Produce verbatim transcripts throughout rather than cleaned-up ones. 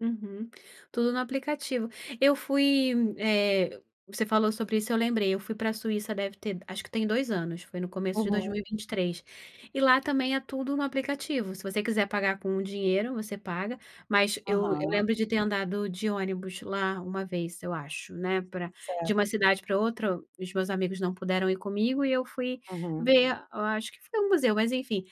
Uhum, tudo no aplicativo. Eu fui eh, você falou sobre isso, eu lembrei eu fui pra Suíça deve ter acho que tem dois anos, foi no começo de dois mil Uhum. e vinte três, e lá também é tudo no aplicativo, se você quiser pagar com dinheiro, você paga, mas eu eu Aham. lembro de ter andado de ônibus lá uma vez, eu acho, né, pra de Certo. uma cidade pra outra, o os meus amigos não puderam ir comigo e eu fui Uhum. ver, a eu acho que foi um museu, mas enfim.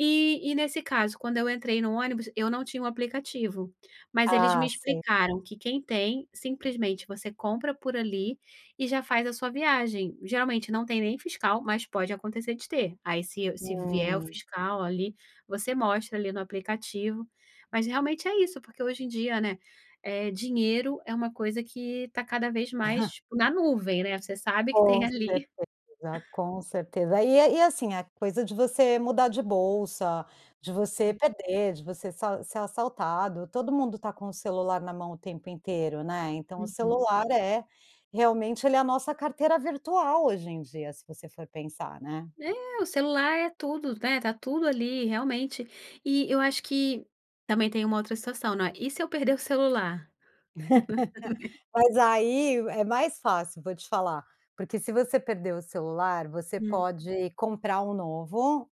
Eh, e nesse caso, quando eu entrei no ônibus, eu não tinha o aplicativo, mas eles me Ah, sei. explicaram que quem tem simplesmente você compra por ali e já faz a sua viagem. Geralmente não tem nem fiscal, mas pode acontecer de ter. Aí, se se vier o Hum. fiscal ali, você mostra ali no aplicativo, mas realmente é isso, porque hoje em dia, né, eh dinheiro é uma coisa que tá cada vez Aham. mais na nuvem, né. Você sabe que tem Com ali certeza, com certeza. E e é assim, a coisa de você mudar de bolsa, de você Uhum. perder, de você so ser assaltado. Todo mundo tá com o celular na mão o tempo inteiro, né, então o Uhum. celular é realmente, ele é a nossa carteira virtual hoje em dia, se você for pensar, né. É, o celular é tudo, né, tá tudo ali, realmente. E eu acho que também tem uma outra situação, não é, e se eu perder o celular? Mas aí é mais fácil, vou te falar, porque se você perder o celular, você Hum. pode comprar um novo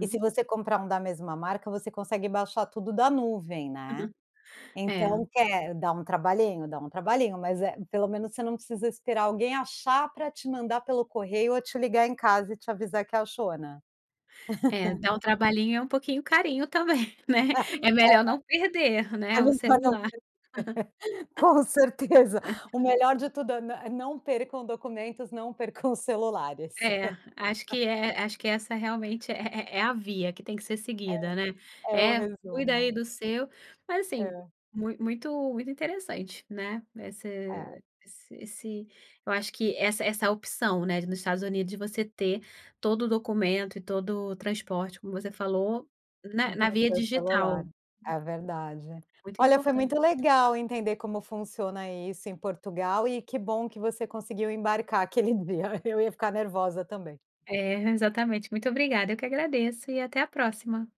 e se você comprar um da mesma marca, você consegue baixar tudo da nuvem, né. É. Então quer dá um trabalhinho, dá um trabalhinho, mas eh, pelo menos você não precisa esperar alguém achar pra te mandar pelo correio ou te ligar em casa e te avisar que achou, né. É, dá um trabalhinho e é um pouquinho carinho também, né. É melhor não perder né É ve o [unintelligible] celular. Com certeza. O melhor de tudo é: "Nã não percam documentos, não percam celulares". É, acho que é, acho que essa realmente é é a via que tem que ser seguida, né. É, é o É, cuida aí resumo. do seu mas assim, É. muito muito interessante, né. É. Esse esse, eu acho que essa essa opção, né, de nos Estados Unidos de você ter todo o documento e todo o transporte, como você falou, na na Do via seu digital. celular, é verdade. Muito Olha, foi importante. muito legal entender como funciona isso em Portugal e que bom que você conseguiu embarcar aquele dia. Eu ia ficar nervosa também. É exatamente, muito obrigada eu que agradeço e até a próxima!